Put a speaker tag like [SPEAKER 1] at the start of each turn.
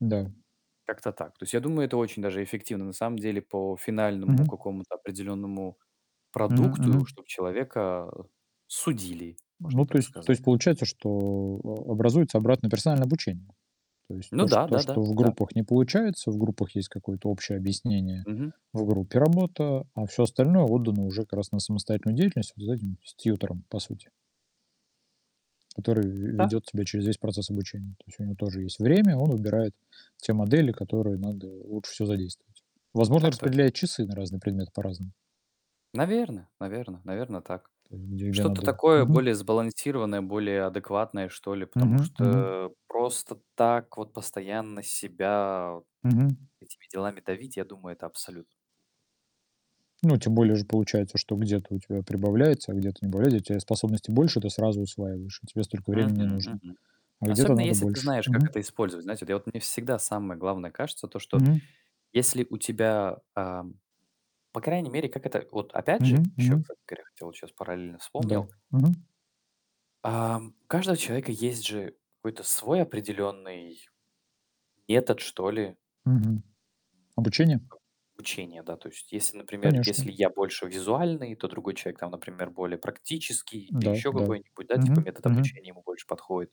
[SPEAKER 1] М-да.
[SPEAKER 2] Как-то так. То есть, я думаю, это очень даже эффективно, на самом деле, по финальному
[SPEAKER 1] Мгм.
[SPEAKER 2] какому-то определенному
[SPEAKER 1] Мгм,
[SPEAKER 2] продукту,
[SPEAKER 1] мгм.
[SPEAKER 2] чтобы человека, а, судили, можно
[SPEAKER 1] Ну, то
[SPEAKER 2] так
[SPEAKER 1] есть то
[SPEAKER 2] сказать.
[SPEAKER 1] есть получается, что а образуется обратное персональное обучение. То есть
[SPEAKER 2] Ну
[SPEAKER 1] то что
[SPEAKER 2] да,
[SPEAKER 1] то что, в
[SPEAKER 2] да-да-да.
[SPEAKER 1] группах не получается, в группах есть какое-то общее объяснение,
[SPEAKER 2] Мгм.
[SPEAKER 1] в группе работа, а всё остальное отдано уже, как раз, на самостоятельную деятельность вот за этим, с тьютором, по сути. Который ве
[SPEAKER 2] Да.
[SPEAKER 1] ведет тебя через весь процесс обучения. То есть у него тоже есть время, он выбирает те модели, которые надо лучше всего задействовать. Возможно,
[SPEAKER 2] Так точ
[SPEAKER 1] распределяет часы на разные предметы по-разному.
[SPEAKER 2] Наверно, наверно, наверно, так
[SPEAKER 1] Там где где
[SPEAKER 2] Что-то
[SPEAKER 1] надо
[SPEAKER 2] такое,
[SPEAKER 1] мгм.
[SPEAKER 2] более сбалансированное, более адекватное, что ли. Потому
[SPEAKER 1] Мгм, мгм.
[SPEAKER 2] что, просто так вот, постоянно себя
[SPEAKER 1] Мгм.
[SPEAKER 2] этими делами давить, я думаю, это абсолю
[SPEAKER 1] Ну, тем более же получается, что где-то у тебя прибавляется, а где-то убавляется. Если у тя способностей больше, ты сразу усваиваешь, и тебе столько времени не
[SPEAKER 2] Мгм,
[SPEAKER 1] нужно,
[SPEAKER 2] мгм.
[SPEAKER 1] а где-то
[SPEAKER 2] Особенно
[SPEAKER 1] надо
[SPEAKER 2] если ты
[SPEAKER 1] больше.
[SPEAKER 2] знаешь, как
[SPEAKER 1] Мгм.
[SPEAKER 2] это использовать. Знаете, я вот, мне всегда самое главное кажется то, что
[SPEAKER 1] Мгм.
[SPEAKER 2] если у тебя, ам, по крайней мере, как это Вот опять
[SPEAKER 1] Мгм,
[SPEAKER 2] же, еще,
[SPEAKER 1] мгм.
[SPEAKER 2] кстати говоря, хотел, вот щас параллельно
[SPEAKER 1] Да.
[SPEAKER 2] вспомнил
[SPEAKER 1] Мгм.
[SPEAKER 2] ам, у каждого человека есть же, какой-то свой определенный метод, что ли.
[SPEAKER 1] Мгм. Обучение?
[SPEAKER 2] Об обучения, да, то есть если, например,
[SPEAKER 1] Конечно.
[SPEAKER 2] если я больше визуальный, то другой человек, там, например, более практический или
[SPEAKER 1] Да,
[SPEAKER 2] еще
[SPEAKER 1] да.
[SPEAKER 2] какой-нибудь, да, типа,
[SPEAKER 1] Мгм,
[SPEAKER 2] метод
[SPEAKER 1] мгм.
[SPEAKER 2] обучения ему больше подходит.